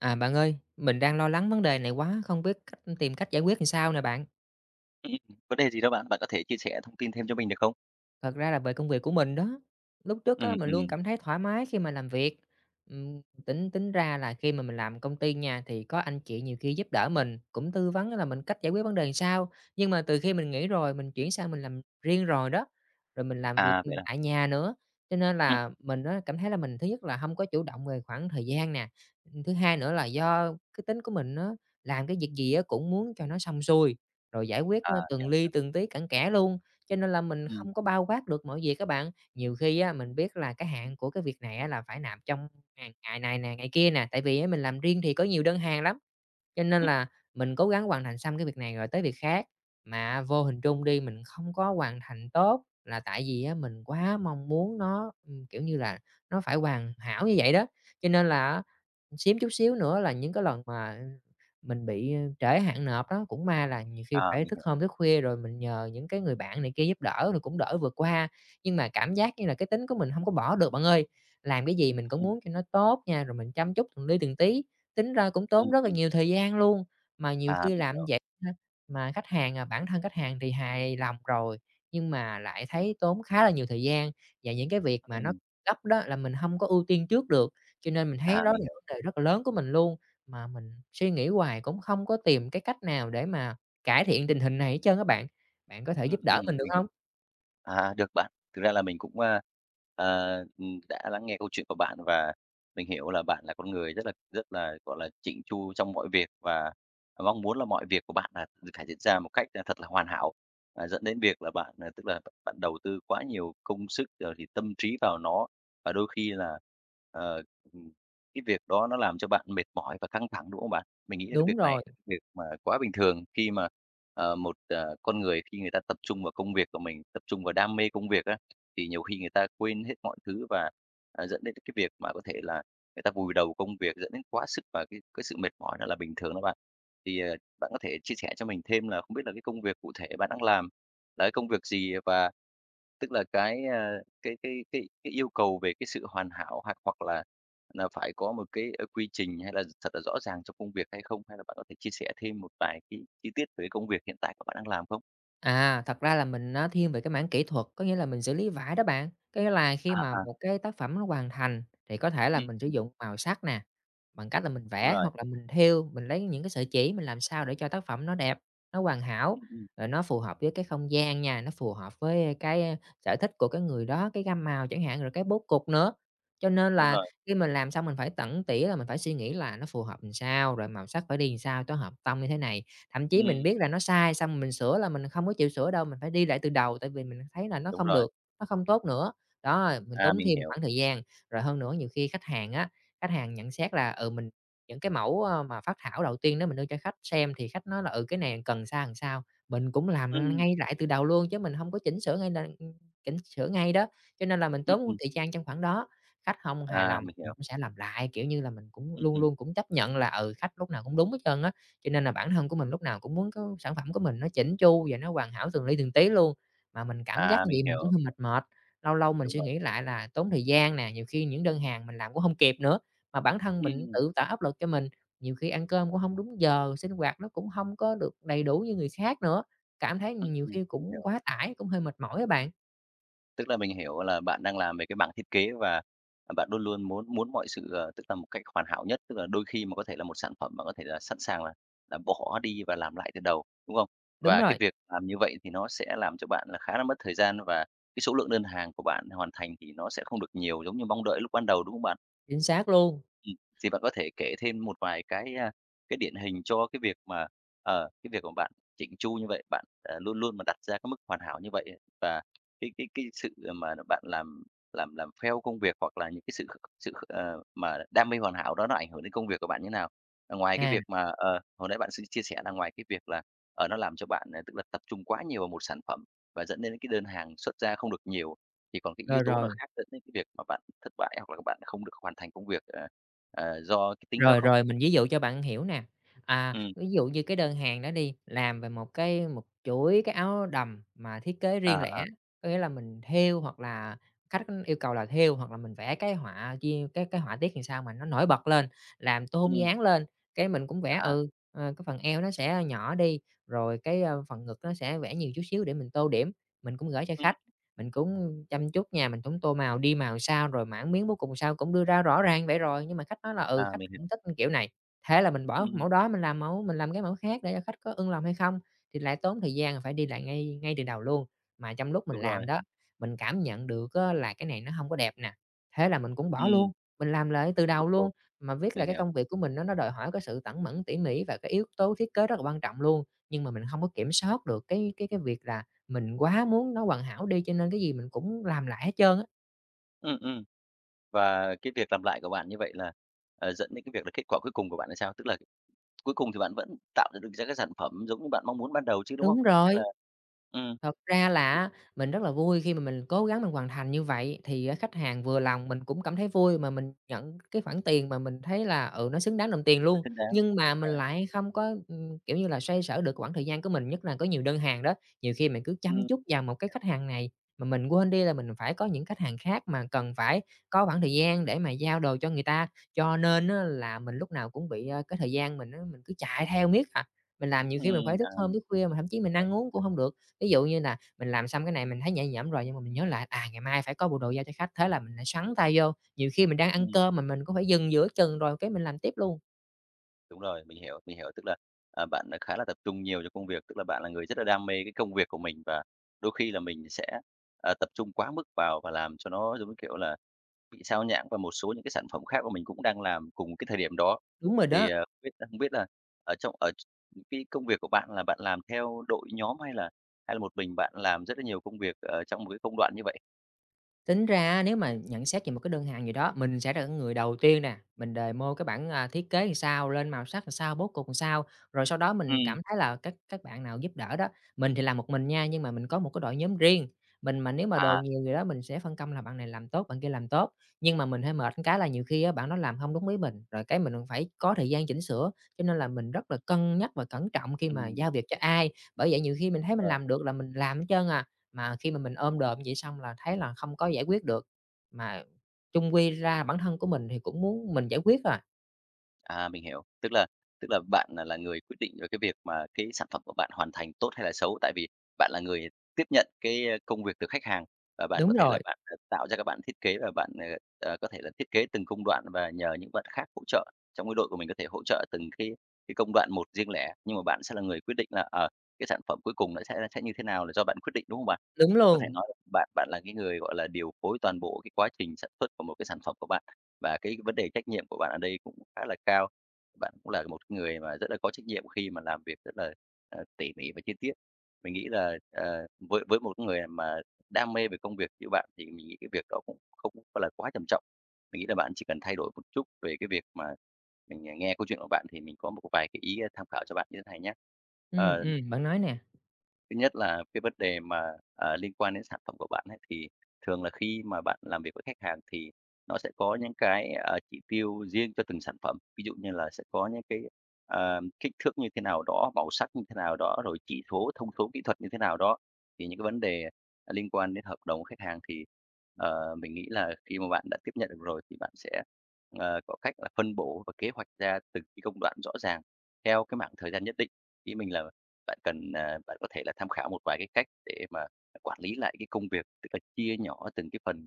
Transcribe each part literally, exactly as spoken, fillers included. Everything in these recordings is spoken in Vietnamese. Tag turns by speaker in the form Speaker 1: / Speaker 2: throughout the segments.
Speaker 1: À, bạn ơi, mình đang lo lắng vấn đề này quá, không biết cách tìm cách giải quyết ừn sao nè bạn.
Speaker 2: Ừm. Vấn đề gì đó bạn? Bạn có thể chia sẻ thông tin thêm cho mình được không?
Speaker 1: Thật ra là về công việc của mình đó! Lúc trước á
Speaker 2: Ừm,
Speaker 1: mình luôn
Speaker 2: ừm.
Speaker 1: cảm thấy thoải mái khi mà làm việc. Ừm, tính tính ra là khi mà mình làm công ty nha thì có anh chị nhiều khi giúp đỡ mình, cũng tư vấn á là mình cách giải quyết vấn đề sao. Nhưng mà từ khi mình nghỉ rồi mình chuyển sang mình làm riêng rồi đó, rồi mình làm việc
Speaker 2: À, vậy à.
Speaker 1: tại nhà nữa, cho nên
Speaker 2: Ừm.
Speaker 1: là mình á cảm thấy là mình thứ nhất là hông có chủ động về khoảng thời gian nè. Ừm, thứ hai nữa là do cái tính của mình á, làm cái việc gì á cũng muốn cho nó xong xuôi, rồi giải quyết,
Speaker 2: À.
Speaker 1: a, từng
Speaker 2: Hiểu
Speaker 1: li
Speaker 2: rồi.
Speaker 1: từng tí cặn kẽ luôn, cho nên là mình
Speaker 2: Ừm.
Speaker 1: không có bao quát được mọi việc á bạn. Nhiều khi á mình biết là cái hạn của cái việc này á là phải nạp trong ngày ngày này nè, ngày kia nè, tại vì mình làm riêng thì có nhiều đơn hàng lắm. Cho nên
Speaker 2: Ừm.
Speaker 1: là mình cố gắng hoàn thành xong cái việc này rồi tới việc khác, mà vô hình trung đi mình không có hoàn thành tốt là tại vì á mình quá mong muốn nó, ưm, kiểu như là, nó phải hoàn hảo như vậy đó. Cho nên là á xém chút xíu nữa là những cái lần mà mình bị, ơ, trễ hạn nộp á, cũng may là nhiều khi
Speaker 2: À,
Speaker 1: phải
Speaker 2: mình
Speaker 1: thức
Speaker 2: hiểu.
Speaker 1: hôm, thức khuya rồi mình nhờ những cái người bạn này kia giúp đỡ rồi cũng đỡ vượt qua. Nhưng mà cảm giác như là cái tính của mình hông có bỏ được bạn ơi, làm cái gì mình cũng
Speaker 2: Ừm.
Speaker 1: muốn cho nó tốt nha, rồi mình chăm chút từng li từng tí. Tính ra cũng tốn
Speaker 2: Ừm,
Speaker 1: rất là
Speaker 2: ừm.
Speaker 1: nhiều thời gian luôn, mà nhiều
Speaker 2: À,
Speaker 1: khi
Speaker 2: mình
Speaker 1: làm
Speaker 2: hiểu.
Speaker 1: vậy ha, mà khách hàng, à, bản thân khách hàng thì hài lòng rồi nhưng mà lại thấy tốn khá là nhiều thời gian, và những cái việc mà nó
Speaker 2: Ừm.
Speaker 1: gấp đó là mình hông có ưu tiên trước được. Cho nên mình thấy
Speaker 2: À,
Speaker 1: đó là
Speaker 2: mình hiểu.
Speaker 1: vấn đề rất là lớn của mình luôn, mà mình suy nghĩ hoài cũng không có tìm cái cách nào để mà cải thiện tình hình này hết trơn á bạn. Bạn có thể
Speaker 2: Ừm,
Speaker 1: giúp
Speaker 2: ừm,
Speaker 1: đỡ mình được
Speaker 2: mình
Speaker 1: hông?
Speaker 2: hiểu. À, được bạn, thực ra là mình cũng, a, à, ừm, đã lắng nghe câu chuyện của bạn và mình hiểu là bạn là con người rất là rất là, gọi là, chỉn chu trong mọi việc, và mong muốn là mọi việc của bạn là phải diễn ra một cách, a, thật là hoàn hảo. À, dẫn đến việc là bạn, à, tức là, b bạn đầu tư quá nhiều công sức rồi thì tâm trí vào nó và đôi khi là, ờ, ừm, cái việc đó nó làm cho bạn mệt mỏi và căng thẳng, đúng không bạn? Mình nghĩ là cái
Speaker 1: Đúng
Speaker 2: việc này
Speaker 1: rồi.
Speaker 2: việc mà quá bình thường khi mà, ờ, một, ờ, con người khi người ta tập trung vào công việc của mình, tập trung vào đam mê công việc á, thì nhiều khi người ta quên hết mọi thứ và, à, dẫn đến tới cái việc mà có thể là người ta vùi đầu công việc, dẫn đến quá sức và cái cái sự mệt mỏi đó là bình thường đó bạn. Thì, à, bạn có thể chia sẻ cho mình thêm là không biết là cái công việc cụ thể bạn đang làm là cái công việc gì? Và tức là cái, a, cái cái cái cái yêu cầu về cái sự hoàn hảo hặc hoặc là là phải có một cái, ơ, quy trình hay là thật là rõ ràng trong công việc hay không? Hay là bạn có thể chia sẻ thêm một vài cái chi tiết về công việc hiện tại của bạn đang làm không?
Speaker 1: À, thật ra là mình nó thiên về cái mảng kỹ thuật, có nghĩa là mình xử lý vải đó bạn! Có nghĩa là khi
Speaker 2: À,
Speaker 1: mà
Speaker 2: à.
Speaker 1: một cái tác phẩm nó hoàn thành thì có thể là mình sử
Speaker 2: Ừm.
Speaker 1: dụng màu sắc nè, bằng cách là mình
Speaker 2: Đúng
Speaker 1: vẽ
Speaker 2: rồi.
Speaker 1: hoặc là mình thêu, mình lấy những cái sợi chỉ mình làm sao để cho tác phẩm nó đẹp, nó hoàn hảo,
Speaker 2: Ừm, ừm.
Speaker 1: rồi nó phù hợp với cái không gian nha, nó phù hợp với, a, cái sở thích của cái người đó, cái gam màu chẳng hạn, rồi cái bố cục nữa. Cho nên
Speaker 2: Đúng
Speaker 1: là
Speaker 2: rồi.
Speaker 1: khi mình làm xong mình phải tẩn tỉa là mình phải suy nghĩ là nó phù hợp ừn sao, rồi màu sắc phải đi ừn sao cho hợp tông như thế này. Thậm chí mình
Speaker 2: Ừm.
Speaker 1: biết là nó sai, xong mình sửa là mình không có chịu sửa đâu, mình phải đi lại từ đầu tại vì mình thấy là nó
Speaker 2: Đúng
Speaker 1: không
Speaker 2: rồi.
Speaker 1: được, nó không tốt nữa! Đó, mình
Speaker 2: À,
Speaker 1: tốn
Speaker 2: mình
Speaker 1: thêm một
Speaker 2: hiểu.
Speaker 1: khoảng thời gian, rồi hơn nữa nhiều khi khách hàng á, khách hàng nhận xét là, ừ, mình những cái mẫu, a, mà phác thảo đầu tiên đó mình đưa cho khách xem thì khách nói là, ừ, cái này cần ừn sao, ừn sao, mình cũng làm
Speaker 2: Ừm.
Speaker 1: ngay lại từ đầu luôn chứ mình hông có chỉnh sửa ngay là chỉnh sửa ngay đó. Cho nên là mình
Speaker 2: Ừm,
Speaker 1: tốn
Speaker 2: ừm.
Speaker 1: thời gian trong khoảng đó! Khách hông hài
Speaker 2: À,
Speaker 1: lòng
Speaker 2: mình
Speaker 1: mình
Speaker 2: hiểu.
Speaker 1: cũng sẽ làm lại, kiểu như là, mình cũng
Speaker 2: Ừm,
Speaker 1: luôn
Speaker 2: ừm.
Speaker 1: luôn cũng chấp nhận nhận là, ừ, khách lúc nào cũng đúng hết trơn á, cho nên là bản thân của mình lúc nào cũng muốn có sản phẩm của mình nó chỉn chu và nó hoàn hảo từng li từng tí luôn. Mà mình cảm giác
Speaker 2: À,
Speaker 1: như
Speaker 2: mình
Speaker 1: vậy mình cũng
Speaker 2: hiểu.
Speaker 1: hơi mệt mệt, lâu lâu mình
Speaker 2: Đúng
Speaker 1: suy
Speaker 2: rồi.
Speaker 1: nghĩ lại là tốn thời gian nè, nhiều khi những đơn hàng mình làm cũng hông kịp nữa. Mà bản thân mình
Speaker 2: Ừm!
Speaker 1: tự tạo áp lực cho mình, nhiều khi ăn cơm cũng hông đúng giờ, sinh hoạt nó cũng hông có được đầy đủ như người khác nữa! Cảm thấy
Speaker 2: Ừm,
Speaker 1: nhiều
Speaker 2: ừm,
Speaker 1: khi
Speaker 2: mình
Speaker 1: cũng
Speaker 2: hiểu.
Speaker 1: quá tải, cũng hơi mệt mỏi á bạn.
Speaker 2: Tức là mình hiểu là bạn đang làm về cái mảng thiết kế và bạn luôn luôn muốn muốn mọi sự, ờ tức là một cách hoàn hảo nhất. Tức là đôi khi mà có thể là một sản phẩm mà có thể là sẵn sàng là là bỏ đi và làm lại từ đầu, đúng không?
Speaker 1: Đúng
Speaker 2: Và cái
Speaker 1: rồi.
Speaker 2: việc làm như vậy thì nó sẽ làm cho bạn là khá là mất thời gian và cái số lượng đơn hàng của bạn hoàn thành thì nó sẽ không được nhiều giống như mong đợi lúc ban đầu, đúng không bạn?
Speaker 1: Chính xác luôn!
Speaker 2: Ừm. Thì bạn có thể kể thêm một vài cái, ờ, cái điển hình cho cái việc mà ờ, cái việc của bạn chỉn chu như vậy, bạn, ờ, luôn luôn mà đặt ra cái mức hoàn hảo như vậy ấy, và cái cái cái sự mà bạn làm làm làm pheo công việc hoặc là những cái sự kh sự kh ờ, mà đam mê hoàn hảo đó nó ảnh hưởng đến công việc của bạn như thế nào? Ngoài cái
Speaker 1: À.
Speaker 2: việc mà ờ, hồi nãy bạn xi chia sẻ là ngoài cái việc là, ờ, nó làm cho bạn tức là tập trung quá nhiều vào một sản phẩm và dẫn đến cái đơn hàng xuất ra không được nhiều, thì còn cái yếu
Speaker 1: Rồi,
Speaker 2: tố nào
Speaker 1: rồi.
Speaker 2: khác dẫn đến cái việc mà bạn thất bại hoặc là các bạn không được hoàn thành công việc, ờ, ờ, do cái tính đó
Speaker 1: Rồi,
Speaker 2: không?
Speaker 1: rồi, mình ví dụ cho bạn hiểu nè. À,
Speaker 2: Ừm.
Speaker 1: ví dụ như cái đơn hàng đó đi, làm về một cái một chuỗi cái áo đầm mà thiết kế
Speaker 2: À,
Speaker 1: riêng lẻ,
Speaker 2: à.
Speaker 1: có nghĩa là mình thêu hoặc là khách yêu cầu là thêu hoặc là mình vẽ cái họa chia cái cái họa tiết thì sao mà nó nổi bật lên, làm tôn
Speaker 2: Ừm.
Speaker 1: dáng lên. Cái, mình cũng vẽ,
Speaker 2: À.
Speaker 1: ừ, ờ, cái phần eo nó sẽ nhỏ đi, rồi cái phần ngực nó sẽ vẽ nhiều chút xíu để mình tô điểm. Mình cũng gửi cho
Speaker 2: Ừm.
Speaker 1: khách. Mình cũng chăm chút nha, mình cũng tô màu, đi màu sao, rồi mảng, miếng cuối cùng sao, cũng đưa ra rõ ràng như vậy rồi. Nhưng mà khách nói là, ừ,
Speaker 2: À,
Speaker 1: khách
Speaker 2: mình hiểu.
Speaker 1: không thích kiểu này. Thế là mình bỏ
Speaker 2: Ừm.
Speaker 1: mẫu đó, mình làm mẫu mình làm cái mẫu khác để cho khách có ưng lòng hay không, thì lại tốn thời gian là phải đi lại ngay ngay từ đầu luôn. Mà trong lúc mình
Speaker 2: Đúng rồi.
Speaker 1: làm đó, mình cảm nhận được á, là cái này nó hông có đẹp nè. Thế là mình cũng bỏ
Speaker 2: Ừm.
Speaker 1: luôn, mình làm lại từ đầu luôn.
Speaker 2: [unintelligible]
Speaker 1: Mà viết là
Speaker 2: Mình
Speaker 1: cái
Speaker 2: hiểu.
Speaker 1: công việc của mình nó nó đòi hỏi cái sự tẩn mẩn, tỉ mỉ và cái yếu tố thiết kế rất là quan trọng luôn. Nhưng mà mình hông có kiểm soát được cái cái cái việc là mình quá muốn nó hoàn hảo đi, cho nên cái gì mình cũng làm lại hết trơn á.
Speaker 2: Ừm, ừm. Và cái việc làm lại của bạn như vậy là, à, dẫn đến cái việc là kết quả cuối cùng của bạn là sao? Tức là cuối cùng thì bạn vẫn tạo ra được ra cái sản phẩm giống như bạn mong muốn ban đầu chứ, đúng không?
Speaker 1: Đúng
Speaker 2: Hay là
Speaker 1: rồi!
Speaker 2: ừm.
Speaker 1: Thật ra là á mình rất là vui khi mà mình cố gắng mình hoàn thành như vậy, thì á khách hàng vừa lòng, mình cũng cảm thấy vui, mà mình nhận cái khoản tiền mà mình thấy là, ừ, nó xứng đáng đồng tiền
Speaker 2: [unintelligible]
Speaker 1: luôn.
Speaker 2: xứng đáng,
Speaker 1: Nhưng mà
Speaker 2: đúng
Speaker 1: mình
Speaker 2: rồi.
Speaker 1: lại không có, ừm, kiểu như là, xoay sở được quãng thời gian của mình, nhất là có nhiều đơn hàng đó. Nhiều khi mình cứ chăm
Speaker 2: Ừm.
Speaker 1: chút vào một cái khách hàng này mà mình quên đi là mình phải có những khách hàng khác, mà cần phải có khoảng thời gian để mà giao đồ cho người ta. Cho nên á là mình lúc nào cũng bị, a, cái thời gian mình á, mình cứ chạy theo miết à. Mình làm nhiều khi mình phải
Speaker 2: Ừm,
Speaker 1: thức
Speaker 2: à,
Speaker 1: hôm,
Speaker 2: mình
Speaker 1: thức khuya mà thậm chí mình ăn uống
Speaker 2: [unintelligible]
Speaker 1: cũng hông được. Ví dụ như là mình làm xong cái này, mình thấy nhẹ nhõm rồi nhưng mà mình nhớ lại, à, ngày mai phải có bộ đồ giao cho khách, thế là mình lại xoắn tay vô. Nhiều khi mình đang ăn
Speaker 2: Ừm.
Speaker 1: cơm mà mình cũng phải dừng giữa chừng rồi cái mình làm tiếp luôn.
Speaker 2: Đúng rồi, mình hiểu, mình hiểu. Tức là, à, bạn khá là tập trung nhiều cho công việc, tức là bạn là người rất là đam mê cái công việc của mình, và đôi khi là mình sẽ, à, tập trung quá mức vào và làm cho nó giống như kiểu là bị xao nhãng và một số những cái sản phẩm khác mà mình cũng đang làm cùng một cái thời điểm đó.
Speaker 1: Đúng rồi
Speaker 2: Thì,
Speaker 1: đó!
Speaker 2: ờ, biết không biết là ở trong ở tr cái công việc của bạn là bạn làm theo đội nhóm hay là hay là một mình bạn làm rất là nhiều công việc ở trong một cái công đoạn như vậy?
Speaker 1: Tính ra á nếu mà nhận xét về một cái đơn hàng gì đó, mình sẽ là người đầu tiên nè, mình demo cái bảng, à, thiết kế sao, lên màu sắc làm sao, bố cục làm sao. Rồi sau đó mình
Speaker 2: Ừm.
Speaker 1: cảm thấy là các các bạn nào giúp đỡ đó, mình thì làm một mình nha, nhưng mà mình có một cái đội nhóm riêng. Mình mà nếu mà đồ
Speaker 2: À.
Speaker 1: nhiều gì đó mình sẽ phân công là bạn này làm tốt, bạn kia làm tốt, nhưng mà mình hơi mệt cái là nhiều khi bạn đó làm hông đúng ý mình, rồi cái mình phải có thời gian chỉnh sửa cho nên là mình rất là cân nhắc và cẩn trọng khi mà
Speaker 2: Ừm.
Speaker 1: giao việc cho ai. Bởi vậy nhiều khi mình thấy mình
Speaker 2: Rồi.
Speaker 1: làm được là mình làm trơn à, mà khi mà mình ôm đồm vậy xong là thấy là không có giải quyết được, mà chung quy ra bản thân của mình thì cũng muốn mình giải quyết thôi à.
Speaker 2: À, mình hiểu. Tức là tức là bạn là là người quyết định về cái việc mà cái sản phẩm của bạn hoàn thành tốt hay là xấu, tại vì bạn là người tiếp nhận cái, ơ, công việc từ khách hàng và bạn
Speaker 1: Đúng
Speaker 2: có thể là
Speaker 1: rồi.
Speaker 2: bạn, ờ, tạo ra các bạn thiết kế và bạn, ờ, ờ có thể là thiết kế từng công đoạn và nhờ những bạn khác hỗ trợ. Trong cái đội của mình có thể hỗ trợ từng cái cái công đoạn một riêng lẻ, nhưng mà bạn sẽ là người quyết định là, ờ, cái sản phẩm cuối cùng nó sẽ sẽ như thế nào là do bạn quyết định, đúng không bạn?
Speaker 1: Đúng
Speaker 2: Có thể
Speaker 1: luôn.
Speaker 2: nói bạn bạn là cái người, gọi là, điều phối toàn bộ cái quá trình sản xuất của một cái sản phẩm của bạn, và cái vấn đề trách nhiệm của bạn ở đây cũng khá là cao. Bạn cũng là một cái người mà rất là có trách nhiệm khi mà làm việc rất là, a, tỉ mỉ và chi tiết. Mình nghĩ là, à, với với một cái người mà đam mê về công việc như bạn thì mình nghĩ cái việc đó cũng không có là quá trầm trọng. Mình nghĩ là bạn chỉ cần thay đổi một chút về cái việc mà mình, à, nghe câu chuyện của bạn thì mình có một một vài cái ý tham khảo cho bạn như thế này nhá.
Speaker 1: Ừm,
Speaker 2: Ờ.
Speaker 1: ừm, bạn nói nè.
Speaker 2: Thứ nhất là cái vấn đề mà, à, liên quan đến sản phẩm của bạn ấy, thì thường là khi mà bạn làm việc với khách hàng thì nó sẽ có những cái, ờ, chỉ tiêu riêng cho từng sản phẩm, ví dụ như là sẽ có những cái, ờ, kích thước như thế nào đó, màu sắc như thế nào đó, rồi chỉ số, thông số kỹ thuật như thế nào đó. Thì những cái vấn đề, ờ, liên quan đến hợp đồng của khách hàng thì, ờ, mình nghĩ là khi mà bạn đã tiếp nhận được rồi thì bạn sẽ, ờ, có cách là phân bổ và kế hoạch ra từng cái công đoạn rõ ràng theo cái mảng thời gian nhất định. Ý mình là bạn cần ờ, bạn có thể là tham khảo một vài cái cách để mà quản lý lại cái công việc, tức là chia nhỏ từng cái phần,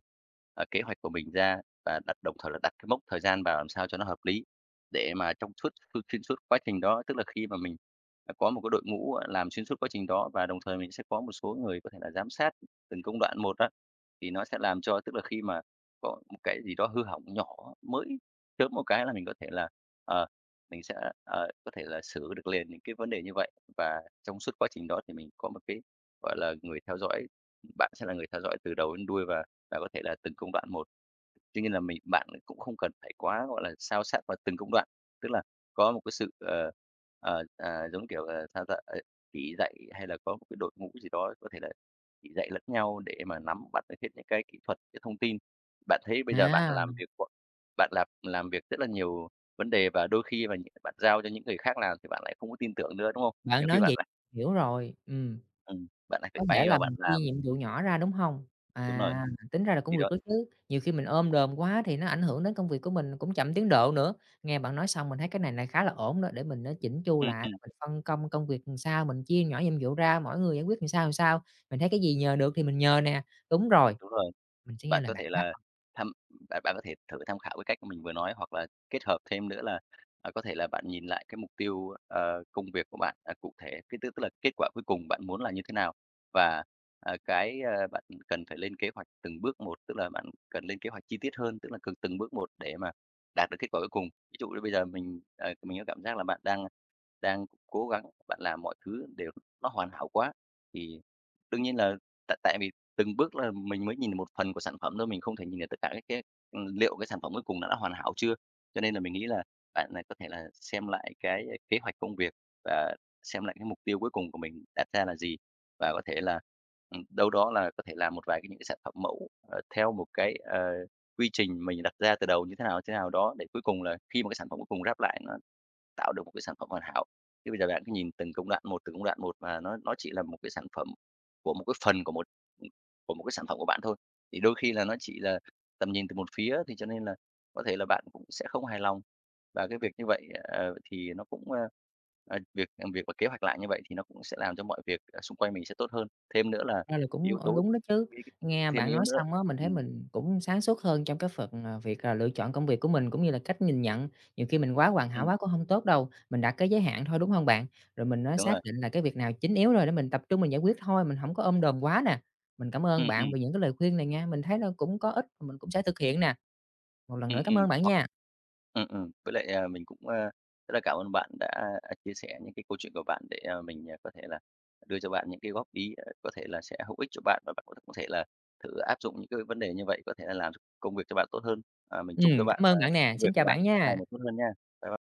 Speaker 2: ờ, kế hoạch của mình ra và đặt đồng thời là đặt cái mốc thời gian vào làm sao cho nó hợp lý để mà trong suốt x xuyên suốt quá trình đó. Tức là khi mà mình, à, có một cái đội ngũ, gọi, làm xuyên suốt quá trình đó và đồng thời mình sẽ có một số người có thể là giám sát từng công đoạn một á, thì nó sẽ làm cho tức là khi mà có một cái gì đó hư hỏng nhỏ, mới chớm một cái là mình có thể là, ờ, mình sẽ, ờ, có thể là xử được liền những cái vấn đề như vậy. Và trong suốt quá trình đó thì mình có một cái, gọi là, người theo dõi, bạn sẽ là người theo dõi từ đầu đến đuôi và và có thể là từng công đoạn một. Tuy nhiên là mình bạn ấy cũng không cần phải quá, gọi là, sao sát vào từng công đoạn, tức là có một cái sự, ờ, ờ, ờ, giống kiểu là sao ta? À, chỉ dạy hay là có một cái đội ngũ gì đó có thể là chỉ dạy lẫn nhau để mà nắm bắt được hết những cái kỹ thuật, cái thông tin. Bạn thấy bây giờ bạn
Speaker 1: À.
Speaker 2: làm việc bạn làm làm việc rất là nhiều vấn đề và đôi khi mà những cái bạn giao cho những người khác làm thì bạn lại không có tin tưởng nữa, đúng không?
Speaker 1: Bạn
Speaker 2: Nhiều khi
Speaker 1: nói
Speaker 2: bạn
Speaker 1: vậy
Speaker 2: lại
Speaker 1: hiểu rồi. Ừm.
Speaker 2: Ừm, bạn lại phải
Speaker 1: Có thể
Speaker 2: bay
Speaker 1: là
Speaker 2: vào bạn
Speaker 1: mình chia
Speaker 2: làm.
Speaker 1: nhiệm vụ nhỏ ra, đúng hông?
Speaker 2: Đúng rồi,
Speaker 1: À, tính ra là
Speaker 2: thì
Speaker 1: cũng được
Speaker 2: đó.
Speaker 1: đó chứ, nhiều khi mình ôm đồm quá thì nó ảnh hưởng đến công việc của mình cũng chậm tiến độ nữa. Nghe bạn nói xong, mình thấy cái này này khá là ổn đó, để mình á chỉn chu
Speaker 2: Ừm,
Speaker 1: lại [unintelligible]
Speaker 2: ừm.
Speaker 1: mình phân công công việc ừn sao, mình chia nhỏ nhiệm vụ ra, mỗi người giải quyết ừn sao, ừn sao, mình thấy cái gì nhờ được thì mình nhờ nè. Đúng rồi,
Speaker 2: Đúng rồi.
Speaker 1: mình sẽ nghe
Speaker 2: Bạn
Speaker 1: lời
Speaker 2: có
Speaker 1: bạn
Speaker 2: thể
Speaker 1: đó.
Speaker 2: là thăm bạn bạn có thể thử tham khảo cái cách mà mình vừa nói, hoặc là kết hợp thêm nữa là, à, có thể là bạn nhìn lại cái mục tiêu, ờ, công việc của bạn, ờ, cụ thể, cái tức tức là kết quả cuối cùng bạn muốn là như thế nào, và, à, cái, ơ, bạn cần phải lên kế hoạch từng bước một, tức là bạn cần lên kế hoạch chi tiết hơn, tức là cần từng bước một để mà đạt được kết quả cuối cùng. Ví dụ như bây giờ mình, ờ, mình có cảm giác là bạn đang đang cố gắng bạn làm mọi thứ để nó hoàn hảo quá, thì đương nhiên là tại tại vì từng bước là mình mới nhìn được một phần của sản phẩm thôi, mình không thể nhìn được tất cả các cái ừ, liệu cái sản phẩm cuối cùng nó đã hoàn hảo chưa. Cho nên là mình nghĩ là bạn là có thể là xem lại cái kế hoạch công việc và xem lại cái mục tiêu cuối cùng của mình đặt ra là gì, và có thể là, ừm, đâu đó là có thể làm một vài những cái sản phẩm mẫu, ờ, theo một cái, ờ, quy trình mình đặt ra từ đầu như thế nào, như thế nào, đó, để cuối cùng là khi mà cái sản phẩm cuối cùng ráp lại nó tạo được một cái sản phẩm hoàn hảo. Thế bây giờ bạn cứ nhìn từng công đoạn một, từng công đoạn một, và nó nó chỉ là một cái sản phẩm của một cái phần của một của một cái sản phẩm của bạn thôi. Thì đôi khi là nó chỉ là tầm nhìn từ một phía, thì cho nên là có thể là bạn cũng sẽ không hài lòng. Và cái việc như vậy, ờ, thì nó cũng ơ, ờ, việc làm việc và kế hoạch lại như vậy thì nó cũng sẽ làm cho mọi việc ở xung quanh mình sẽ tốt hơn. Thêm nữa là cái
Speaker 1: [unintelligible] Ra là
Speaker 2: yếu
Speaker 1: cũng, ơ,
Speaker 2: tố
Speaker 1: đúng đó chứ.
Speaker 2: [unintelligible]
Speaker 1: Nghe
Speaker 2: thêm
Speaker 1: bạn
Speaker 2: yếu
Speaker 1: nói
Speaker 2: nữa.
Speaker 1: xong á, mình thấy
Speaker 2: Ừm.
Speaker 1: mình cũng sáng suốt hơn trong cái phần, à, việc, à, lựa chọn công việc của mình cũng như là cách nhìn nhận. Nhiều khi mình quá hoàn hảo
Speaker 2: Ừm.
Speaker 1: quá cũng hông tốt đâu, mình đặt cái giới hạn thôi, đúng không bạn? Rồi mình á
Speaker 2: Đúng rồi.
Speaker 1: xác định là cái việc nào chính yếu rồi để mình tập trung mình giải quyết thôi, mình hổng có ôm đồm quá nè. Mình cảm ơn
Speaker 2: Ừm,
Speaker 1: bạn
Speaker 2: ừm.
Speaker 1: vì những cái lời khuyên này nghe, mình thấy là cũng có ích và mình cũng sẽ thực hiện nè. Một lần
Speaker 2: Ừm,
Speaker 1: nữa cảm
Speaker 2: ừm
Speaker 1: ơn bạn
Speaker 2: hoặc
Speaker 1: nha.
Speaker 2: ừm, ừm. Với lại, à, mình cũng, a, rất là cảm ơn bạn đã, à, chia sẻ những cái câu chuyện của bạn để, à, mình có thể là đưa cho bạn những cái góp ý, có thể là sẽ hữu ích cho bạn, và bạn [unintelligible] có thể là thử áp dụng những cái vấn đề như vậy, có thể là làm ch công việc cho bạn tốt hơn. Ờ, mình chúc cho
Speaker 1: Ừm,
Speaker 2: bạn
Speaker 1: cảm
Speaker 2: và
Speaker 1: ơn bạn nè,
Speaker 2: công việc
Speaker 1: xin
Speaker 2: của
Speaker 1: chào
Speaker 2: bạn
Speaker 1: bạn
Speaker 2: sẽ ngày
Speaker 1: nha.
Speaker 2: một tốt hơn nha. Bye b